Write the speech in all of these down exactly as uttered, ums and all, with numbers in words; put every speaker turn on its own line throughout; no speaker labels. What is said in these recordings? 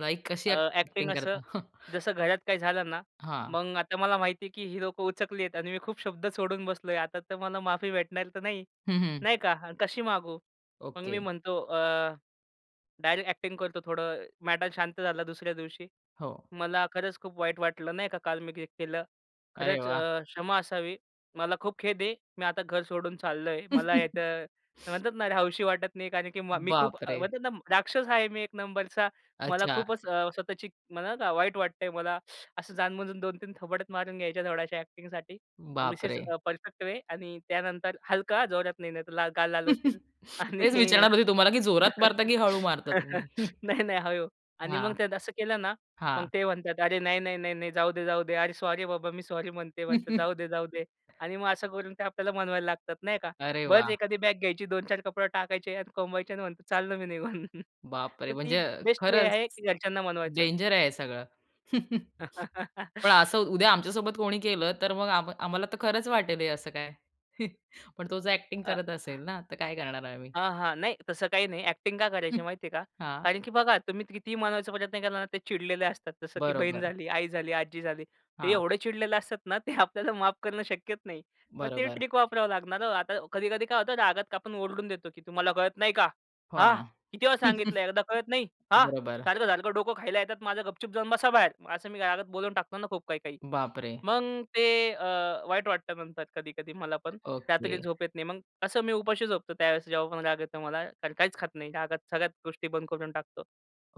Like कशी
अ, acting
acting
असं
करता?
जसं घरात काही झालं ना,
हां.
मग आता मला माहितीये की हि लोकं उचकलीयेत आणि मी खूप शब्द सोडून बसलोय. आता तर मला माफी भेटणार तर नाही,
हं, हं.
नाही का. हा कशी मागू? मग मी
ओके.
म्हणतो अ, डायरेक्ट अ‍ॅक्टिंग करतो थोडं, मॅटर शांत झाला दुसऱ्या दिवशी.
हो.
"मला खरंच खूप वाईट वाटलं." नाही का. "काल मी ते केलं,
अरे
खरंच
वा!
अ, क्षमा असावी, मला खूप खेद आहे. मी आता घर सोडून चाललोय, मला इथं" म्हणतात ना, "रहावं असं वाटत नाही." कारण की मा "मी खूप"
बापरे!
म्हणतात ना, "राक्षस आहे. मी एक नंबरचा, मला
अच्छा.
खूपच अ, स्वतःची मला, वाईट वाटतंय मला." असं जाणून-बुजून दोन तीन थोबाडात मारून घ्यायच्या, थोड्याशा अ‍ॅक्टिंग धिस इज
बापरे!
अ, परफेक्ट वे आणि त्यानंतर हलका जोरात नाही नाहीतर ला गाल लाल होतील आणि
तेच विचारणार होते तुम्हाला, की जोरात मारता, की हळू मारता तुम्ही?
नाही, नाही हळू. आणि मग
हां,
त्यात असं केलं ना, मग
हां.
ते म्हणतात, "अरे नाही, नाही नाही, नाही, जाऊदे जाऊदे, अरे सॉरी बाबा, मी सॉरी म्हणते." म्हणतात "जाऊदे जाऊदे." आणि मग असं करून ते आपल्याला मनवायला लागतात, नाही का.
अरे वा!
बस एखादी बॅग घ्यायची, दोन चार कपडे टाकायचे आणि कोंबायचे आणि म्हणायचं "चाललो मी निघून."
बापरे!
तर ती
म्हणजे
बेस्ट वे
खरंच
आहे घरच्यांना मनवायचं.
डेंजर आहे हे सगळं. पण असं उद्या आमच्यासोबत कोणी केलं, तर मग आम आम्हाला तर खरंच वाटेल हे असं काय, पण तो जर अ‍ॅक्टिंग
अ
करत असेल ना, तर काय करणार आम्ही?
हां, हां. नाही, तसं काही नाही, अ‍ॅक्टिंग का करायची माहितीये का
हां.
कारण की बघा, तुम्ही कितीही मानवायचा प्रयत्न केला ना, ते चिडलेले असतात. जसं की बहीण
बरोबर.
झाली, आई झाली, आजी झाली. ते
हां.
एवढे चिडलेले असतात ना, ते आपल्याला माफ करणं शक्यच नाही. मग ते
बरोबर.
ट्रिक वापरावं लागणार हो. आता कधी-कधी काय होतं, रागात आपण ओरडून देतो की "तुम्हाला कळत नाही का?
हो
हा?
ना.
किती वेळा सांगितलं, एकदा कळत नाही? हा?
बरोबर.
सारखं-सारखं डोकं खायला येतात माझं, गपचूप जाऊन बसा बाहेर." असं मी रागात बोलून टाकतो ना खूप काही-काही.
बापरे!
मग ते अ, वाईट वाटतं नंतर कधी-कधी मला पण.
ओके.
रात्री झोप येत नाही. मग असं मी उपाशी झोपतो त्यावेळेस. जेव्हा पण राग येतो मला, काहीच खात नाही. रागात सगळ्याच गोष्टी बंद करून टाकतो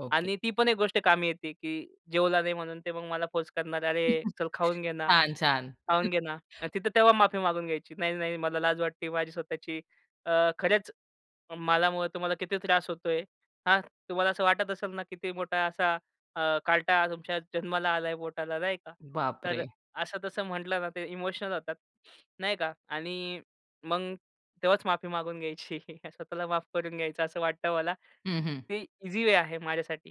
ओके.
आणि ती पण एक गोष्ट कामी येते, की जेवला नाही म्हणून ते मग मला फोर्स करणार "अरे, चल खाऊन घे ना,
छान, छान.
खाऊन घे ना." आणि तिथं तेव्हा माफी मागून घ्यायची, "नाही, नाही मला लाज वाटती माझी स्वतःची, अं, खरच, मला मुळं तुम्हाला किती त्रास होतोय. हां, तुम्हाला असं वाटत असेल ना, किती मोठा असा अ, कार्टा तुमच्या जन्माला आलाय पोटाला." नाही का. तर
बापरे!
असं-तसं म्हटलं ना, ते इमोशनल होतात. नाही का आणि मग तेव्हाच माफी मागून घ्यायची. स्वतःला माफ करून घ्यायचं असं वाटतं मला.
हं, हं.
ते ईझी वे आहे माझ्यासाठी.